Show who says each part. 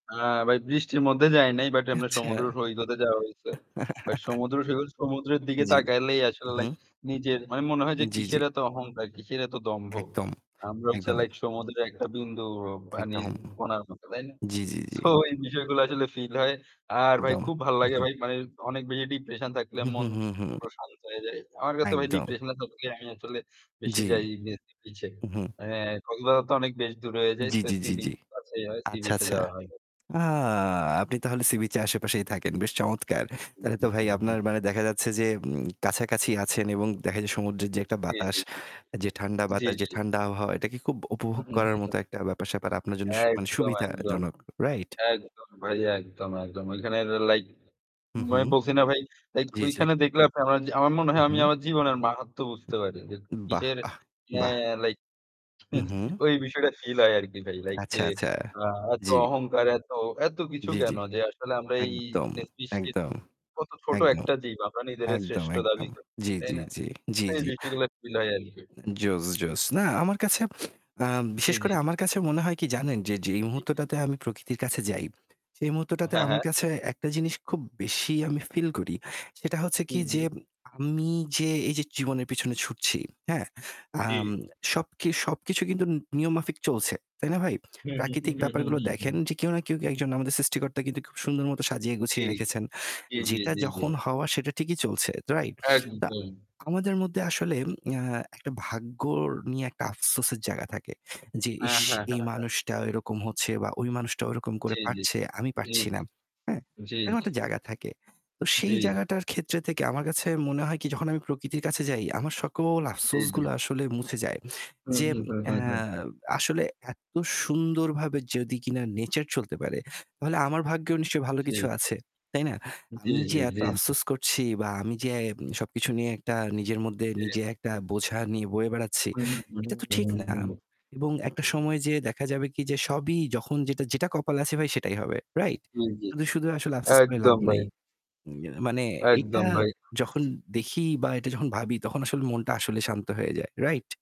Speaker 1: হ্যাঁ ভাই, বৃষ্টির মধ্যে যাই নাই বাট এমনে
Speaker 2: আচ্ছা।
Speaker 1: সমুদ্র সৈকতে যাওয়া হইছে। বাট সমুদ্র সৈকত সমুদ্রের দিকে
Speaker 2: জি।
Speaker 1: তাকাইলেই
Speaker 2: হু,
Speaker 1: আসলে লাইক
Speaker 2: হুম।
Speaker 1: নিজের মানে মনে হয় যে
Speaker 2: জি, জি।
Speaker 1: কিসের এত অহংকার, কিসের এত দম্ভ।
Speaker 2: একদম,
Speaker 1: আমরা হচ্ছে
Speaker 2: একদম।
Speaker 1: লাইক সমুদ্রের একটা বিন্দু অ পানির
Speaker 2: একদম।
Speaker 1: কণার মতো, তাই না?
Speaker 2: জি, জি, জি।
Speaker 1: সো এই বিষয়গুলো আসলে feel হয়। আর ভাই
Speaker 2: একদম।
Speaker 1: খুব ভালো
Speaker 2: হু,
Speaker 1: লাগে
Speaker 2: হু।
Speaker 1: ভাই। মানে অনেক বেশি depression থাকলে
Speaker 2: হুম,
Speaker 1: মন
Speaker 2: হুম, হুম, হুম।
Speaker 1: প্রশান্ত হয়ে যায়। আমার কাছে ভাই
Speaker 2: একদম।
Speaker 1: depression এর থাকলে আমি আসলে বেশি
Speaker 2: জি।
Speaker 1: যাই নে বিচে
Speaker 2: হু, হুম।
Speaker 1: এ কক্সবাজার তো অনেক বেশ দূরে হয়ে যায়।
Speaker 2: জি,
Speaker 1: সো,
Speaker 2: জি, জি,
Speaker 1: সি-বিচ
Speaker 2: জি।
Speaker 1: কাছেই হয়।
Speaker 2: আচ্ছা,
Speaker 1: সি-বিচে
Speaker 2: আচ্ছা।
Speaker 1: যাওয়া হয়।
Speaker 2: আ আপনি তাহলে সি-বিচের আশেপাশেই থাকেন। বেশ চমৎকার। তাহলে তো ভাই আপনার
Speaker 1: [unintelligible]
Speaker 2: মানে দেখা যাচ্ছে যে উম কাছাকাছি আছেন এবং দেখা যায় সমুদ্রের যে একটা
Speaker 1: জি,
Speaker 2: বাতাস,
Speaker 1: জি, জি।
Speaker 2: যে ঠান্ডা
Speaker 1: জি,
Speaker 2: বাতাস, যে
Speaker 1: জি।
Speaker 2: ঠান্ডা আবহওয়া এটা কি খুব
Speaker 1: হু,
Speaker 2: উপভোগ
Speaker 1: হু, হু,
Speaker 2: করার
Speaker 1: হু।
Speaker 2: মতো একটা ব্যাপার-স্যাপার আপনার জন্য সু মানে
Speaker 1: একদম, একদম।
Speaker 2: সুবিধাজনক, রাইট?
Speaker 1: একদম ভাই। একদম, একদম। ওইখানের এ লাইক
Speaker 2: হু, হুম।
Speaker 1: আমি বলছি না ভাই লাইক
Speaker 2: জি, জি।
Speaker 1: ওইখানে দেখলে আপনে [unintelligible] আমার মনে
Speaker 2: হু,
Speaker 1: হয় আমি
Speaker 2: হুম।
Speaker 1: আমার জীবনের মাহাত্ম্য বুঝতে পারি যে
Speaker 2: বাহ!
Speaker 1: কিসের
Speaker 2: বাহ! বাহ!
Speaker 1: হ্যাঁ, লাইক
Speaker 2: হু, হুম।
Speaker 1: ঐ বিষয়টা feel হয় আরকি ভাই। লাইক যে
Speaker 2: আচ্ছা, আচ্ছা।
Speaker 1: আ এত
Speaker 2: জি।
Speaker 1: অহংকার, এত এত কিছু
Speaker 2: জি, জি।
Speaker 1: কেন? যে আসলে আমরা এই
Speaker 2: একদম,
Speaker 1: জিনিস সৃষ্টির
Speaker 2: একদম,
Speaker 1: কত ছোট
Speaker 2: একদম,
Speaker 1: একটা জীব, আমরা নিজেরে
Speaker 2: একদম,
Speaker 1: শ্রেষ্ঠ দাবি
Speaker 2: একদম।
Speaker 1: করি,
Speaker 2: জি,
Speaker 1: তাই
Speaker 2: জি,
Speaker 1: না?
Speaker 2: জি। জি,
Speaker 1: এই
Speaker 2: জি।
Speaker 1: বিষয়গুলা feel হয় আরকি।
Speaker 2: জোস, জোস। না আমার কাছে আ
Speaker 1: জি,
Speaker 2: বিশেষ
Speaker 1: জি।
Speaker 2: করে আমার কাছে মনে হয় কি জানেন যে যেই
Speaker 1: জি, জি।
Speaker 2: মুহূর্তটাতে আমি প্রকৃতির কাছে যাই সেই মুহূর্তটাতে
Speaker 1: হ্যাঁ,
Speaker 2: আমার
Speaker 1: হ্যাঁ।
Speaker 2: কাছে একটা জিনিস খুব বেশি আমি feel করি। সেটা হচ্ছে কি
Speaker 1: ই জি।
Speaker 2: যে আমি যে এইযে জীবনের পিছনে ছুটছি, হ্যাঁ? আম
Speaker 1: জি।
Speaker 2: সবকি সবকিছু কিন্তু নি নিয়মমাফিক চলছে, তাই না ভাই?
Speaker 1: হু, হু,
Speaker 2: প্রাকৃতিক
Speaker 1: হু, হু,
Speaker 2: ব্যাপারগুলো
Speaker 1: হু, হু।
Speaker 2: দেখেন যে কেউ না কেউ কে একজন আমাদের সৃষ্টিকর্তা কিন্তু খুব সুন্দর মত সাজিয়ে
Speaker 1: জি।
Speaker 2: গুছিয়ে রেখেছেন।
Speaker 1: জি, জি,
Speaker 2: যেটা
Speaker 1: জি, জি।
Speaker 2: যখন হওয়া সেটা ঠিকই চলছে, রাইট? তা
Speaker 1: একদম।
Speaker 2: আমাদের মধ্যে আসলে এ্যা একটা ভাগ্যর নিয়ে একটা আফসোসের জায়গা থাকে যে,
Speaker 1: হ্যাঁ,
Speaker 2: "ইশ!
Speaker 1: হ্যাঁ,
Speaker 2: এই
Speaker 1: হ্যাঁ, হ্যাঁ।
Speaker 2: মানুষটা এরকম হচ্ছে বা ওই মানুষটা ওরকম করে
Speaker 1: জি, জি,
Speaker 2: পারছে,
Speaker 1: জি।
Speaker 2: আমি পারছি না,"
Speaker 1: জি।
Speaker 2: হ্যাঁ?
Speaker 1: জি,
Speaker 2: এরকম
Speaker 1: জি।
Speaker 2: একটা জায়গা থাকে। তো
Speaker 1: জি।
Speaker 2: সেই জায়গাটার ক্ষেত্রে থেকে আমার কাছে মনে হয় কি? যখন আমি প্রকৃতির কাছে যাই আমার সকল
Speaker 1: জি, জি।
Speaker 2: আফসোসগুলো আসলে মুছে যায়।
Speaker 1: হু,
Speaker 2: যে
Speaker 1: হু, হু,
Speaker 2: এ্যা
Speaker 1: হু। জি।
Speaker 2: আসলে এত সুন্দরভাবে যদি কিনা nature চলতে পারে তাহলে আমার ভাগ্যেও নিশ্চয়ই ভালো
Speaker 1: জি।
Speaker 2: কিছু আছে, তাই না?
Speaker 1: জি,
Speaker 2: আমি যে
Speaker 1: জি,
Speaker 2: এত
Speaker 1: জি, জি।
Speaker 2: আফসোস করছি বা আমি যে এ সবকিছু নিয়ে একটা নিজের মধ্যে
Speaker 1: জি।
Speaker 2: নিজে একটা বোঝা নিয়ে বয়ে বেড়াচ্ছি, এটা তো ঠিক না এবং একটা সময়
Speaker 1: [unintelligible]
Speaker 2: যেয়ে দেখা যাবে কি? যে সবই যখন যেটা যেটা কপালে আছে ভাই সেটাই হবে, রাইট?
Speaker 1: জি, জি।
Speaker 2: শুধু, শুধু আসলে আফসোস করে লাভ
Speaker 1: একদম ভাই।
Speaker 2: নাই। এ মানে এটা
Speaker 1: একদম ভাই।
Speaker 2: যখন দেখি বা এটা যখন ভাবি তখন আসলে মনটা আসলে শান্ত হয়ে যায়, রাইট?